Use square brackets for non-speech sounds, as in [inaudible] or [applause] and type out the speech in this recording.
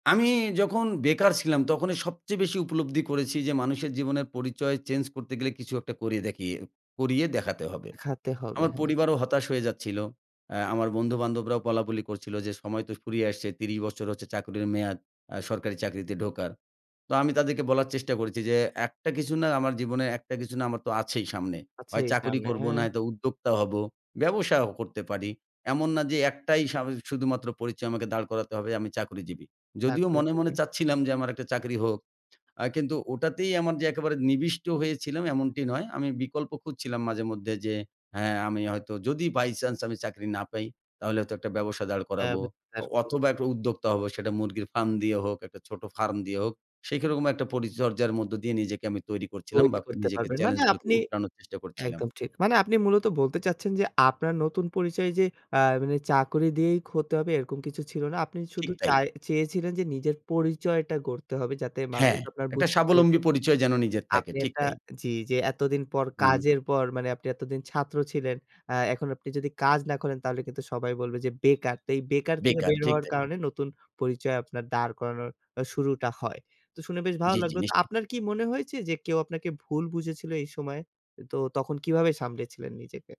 আমি যখন বেকার ছিলাম তখনই সবচেয়ে বেশি উপলব্ধি করেছি যে, মানুষের জীবনের পরিচয় চেঞ্জ করতে গেলে কিছু একটা করিয়ে দেখিয়ে করিয়ে দেখাতে হবে। খাতে হবে, আমার হ্যাঁ। পরিবারও হতাশ হয়ে যাচ্ছিলো, আ আমার বন্ধুবান্ধবরাও বলাবলি করছিলো যে সময় তো ফুরিয়ে আসছে ত্রিশ বছর হচ্ছে চাকরির মেয়াদ আ সরকারি চাকরিতে ঢোকার। তো আমি তাদেরকে বলার চেষ্টা করেছি যে, একটা কিছু না আমার জীবনে একটা কিছু না আমার তো আছেই সামনে। আছে হয় চাকরি সামনে, করবো হ্যাঁ। নয়তো উদ্যোক্তা হবো, ব্যবসাও করতে পারি। এমন না যে একটাই স আমি যে শুধুমাত্র পরিচয় আমাকে দাঁড় করাতে হবে আমি চাকরিজীবী। যদিও মনে, মনে চাকরিজীবী। চাচ্ছিলাম যে আমার একটা চাকরি হোক, আ কিন্তু ওটাতেই আমার যে একেবারে নিবিষ্ট হয়েছিলাম এমনটি নয়। আমি বিকল্প খুঁজছিলাম মাঝে মধ্যে যে হ্যাঁ। আমি হয়তো যদি বাই চান্স আমি চাকরি না পাই তাহলে হয়তো একটা ব্যবসা দাঁড় অ্যা করাবো অ [unintelligible] অথবা করবে। একটা উদ্যোক্তা হবো, সেটা মুরগির ফার্ম দিয়ে হোক, একটা ছোট ফার্ম দিয়ে হোক। সেরকম একটা পরিচর্যার মধ্য দিয়ে নিজেকে আমি তৈরি করছিলাম তৈরি বা করতে নিজেকে পারবেন, মানে চেলেঞ্জ গুলোকে আপনি উতরানোর চেষ্টা করছিলাম। একদম ঠিক। মানে আপনি মূলত বলতে চাচ্ছেন যে আপনার নতুন পরিচয় যে আ মানে চাকরি দিয়েই ক হতে হবে এরকম কিছু ছিল না, আপনি শুধু ঠিক তাই। চায় চেয়েছিলেন যে নিজের পরিচয়টা গড়তে হবে, যাতে মানুষ হ্যাঁ, আপনার একটা বুঝতে পারে যে, স্বাবলম্বী পরিচয় যেন নিজের থাকে, আপনি ঠিক একটা তাই। জি, জি, এতদিন পর হুম। কাজের পর মানে আপনি এতদিন ছাত্র ছিলেন। অ্যা এখন আপনি যদি কাজ না করেন তাহলে কিন্তু সবাই বলবে যে বেকার। তো এই বেকার থেকে বেকার, বের ঠিক হওয়ার তাই। কারণে নতুন পরিচয় আপনার দাঁড় করানোর শুরুটা হয়। তো শুনে বেশ ভালো জি, জি, লাগলো। তো নিশ্চয়ই। আপনার কি মনে হয়েছে যে কেউ আপনাকে ভুল বুঝেছিল এই সময়ে? তো তখন কিভাবে সামলেছিলেন নিজেকে?